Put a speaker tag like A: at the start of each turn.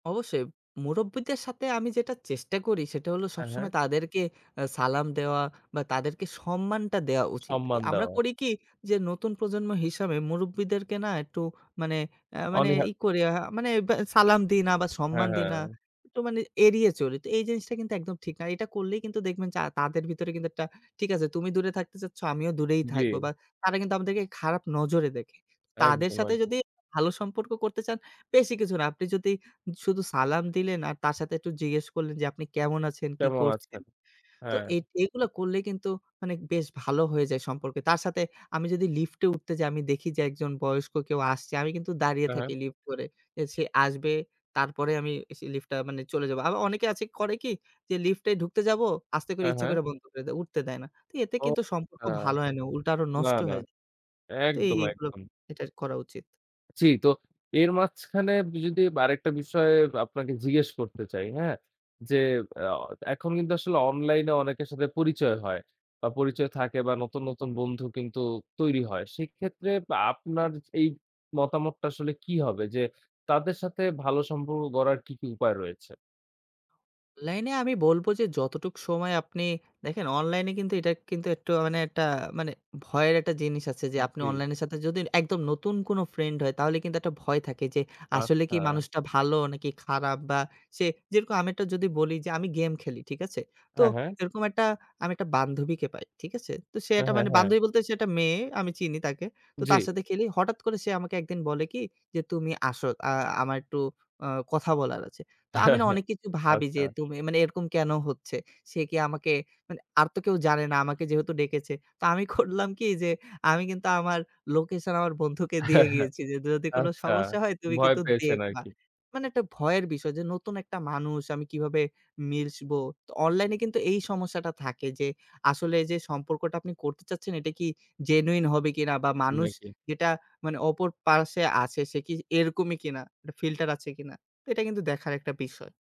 A: অবশ্যই, মুরুব্বিদের সাথে আমি যেটা চেষ্টা করি, সেটা হল
B: হ্যাঁ, হ্যাঁ।
A: সবসময় তাদেরকে আ সালাম দেওয়া, বা তাদেরকে সম্মানটা দেওয়া উচিত। এ
B: সম্মান
A: আমরা
B: দেওয়া।
A: করি কি? যে নতুন প্রজন্ম হিসাবে মুরুব্বিদেরকে না একটু মানে আ মানে
B: অনীহা
A: ই করি আ মানে বে সালাম দিই, না বা
B: হ্যাঁ,
A: সম্মান দিই না
B: হ্যাঁ।
A: একটু মানে এড়িয়ে চলি। তো এই জিনিসটা কিন্তু একদম ঠিক না। এটা করলেই কিন্তু দেখবেন যে তাদের ভিতরে কিন্তু একটা, ঠিক আছে, তুমি দূরে থাকতে চাচ্ছ, আমিও দূরেই থাকবো। বা
B: জী।
A: তারা কিন্তু আমাদেরকে খারাপ নজরে দেখে। তাদের
B: একদম,
A: সাথে
B: একদ
A: যদি ভালো সম্পর্ক করতে চান, বেশি কিছু না। আপনি যদি শুধু সালাম দিলেন, আর তার সাথে একটু জিজ্ঞেস করলেন যে "আপনি কেমন আছেন? কি
B: কেমন আছে?
A: করছেন?" তো
B: হ্যাঁ।
A: এ এগুলা করলে কিন্তু মানে বেশ ভালো হয়ে যায় সম্পর্কে। তার সাথে আমি যদি লিফটে উঠতে যাই, আমি দেখি যে একজন বয়স্ক কেউ আসছে, আমি কিন্তু দাঁড়িয়ে
B: হ্যাঁ, হ্যাঁ।
A: থাকি লিফট ধরে। যে সে আসবে, তারপরে আমিসে লিফটটা মানে চলে যাবো। আবার অনেকে আছে করে কি? যে লিফটে ঢুকতে যাবো, আস্তে করে
B: হ্যাঁ,
A: ইচ্ছা
B: হ্যাঁ।
A: করে বন্ধ করে দেয়, উঠতে দেয় না। তো এতে
B: ও
A: কিন্তু সম্পর্ক
B: হ্যাঁ।
A: ভালো হয় না, উল্টা আরো
B: না,
A: নষ্ট
B: না।
A: হয়ে যায়। তো এই
B: একদম,
A: এইগুলো
B: একদম।
A: এটার করা উচিত।
B: জি, তো এর মাঝখানে ব যদি আরেকটা বিষয় বা আপনাকে জিজ্ঞেস করতে চাই, হ্যাঁ? যে অ এখন কিন্তু আসলে অনলাইনে অনেকের সাথে পরিচয় হয়। বা পরিচয় থাকে বা নতুন, নতুন বন্ধু কিন্তু তৈরি হয়। সেক্ষেত্রে বা আপনার এই মতামতটা আসলে কি হবে? যে তাদের সাথে ভালো সম্পর্ক গড়ার কী, কী উপায় রয়েছে?
A: অনলাইনে আমি বলবো যে যতটুকু সময় আপনি দেখেন অনলাইনে কিন্তু এটা কিন্তু একটু মানে একটা মানে ভয়ের একটা জিনিস আছে। যে
B: উব
A: আপনি
B: জী।
A: অনলাইন এর সাথে যদি একদম নতুন কোন ফ্রেন্ড হয়, তাহলে কিন্তু একটা ভয় থাকে, যে আসলে কি
B: আচ্ছা।
A: মানুষটা ভালো নাকি খারা? বা সে যেরকম আমি যদি বলি যে আমি গেম খেলি, ঠিক আছে? তো
B: হ্যাঁ, হ্যাঁ।
A: এরকম একটা আমি একটা বান্ধবীকে পাই, ঠিক আছে? তো সে
B: হ্যাঁ,
A: একটা
B: হ্যাঁ,
A: মানে
B: হ্যাঁ।
A: বান্ধবী বলতে সে একটা মেয়ে, আমি চিনি তাকে। তো তার
B: জ্বি।
A: সাথে খেলি, হঠাৎ করে সে আমাকে ১ দিন বলে কি? যে "তুমি আসো। আ আমার একটু অ কথা বলার আছে।" তো আমি না অনেক কিছু ভাবি যে
B: আচ্ছা।
A: তুমি মানে এরকম কেন হচ্ছে? সে কি আমাকে মানে আর তো কেউ জানে না, আমাকে যেহেতু ডেকেছে। তো আমি করলাম কি? যে আমি কিন্তু আমার লোকেশন আমার বন্ধুকে দিয়ে গিয়েছি, যে যদি কোনো
B: আচ্ছা,
A: সমস্যা হয় তুমি
B: ভয়
A: কিন্তু
B: পেয়েছেন
A: দেখবা।
B: আরকি।
A: মানে একটা ভয়ের বিষয় যে নতুন একটা মানুষ আমি কীভাবে মিশবো? তো অনলাইনে কিন্তু এই সমস্যাটা থাকে যে আসলে যে সম্পর্কটা আপনি করতে চাচ্ছেন, এটা কি জেনুইন হবে কিনা? বা মানুষ
B: নাকি?
A: যেটা মানে অপর পার্স্বে আছে সে কি এরকমই কিনা? একটা ফিল্টার আছে কিনা। এটা কিন্তু দেখার একটা বিষয়।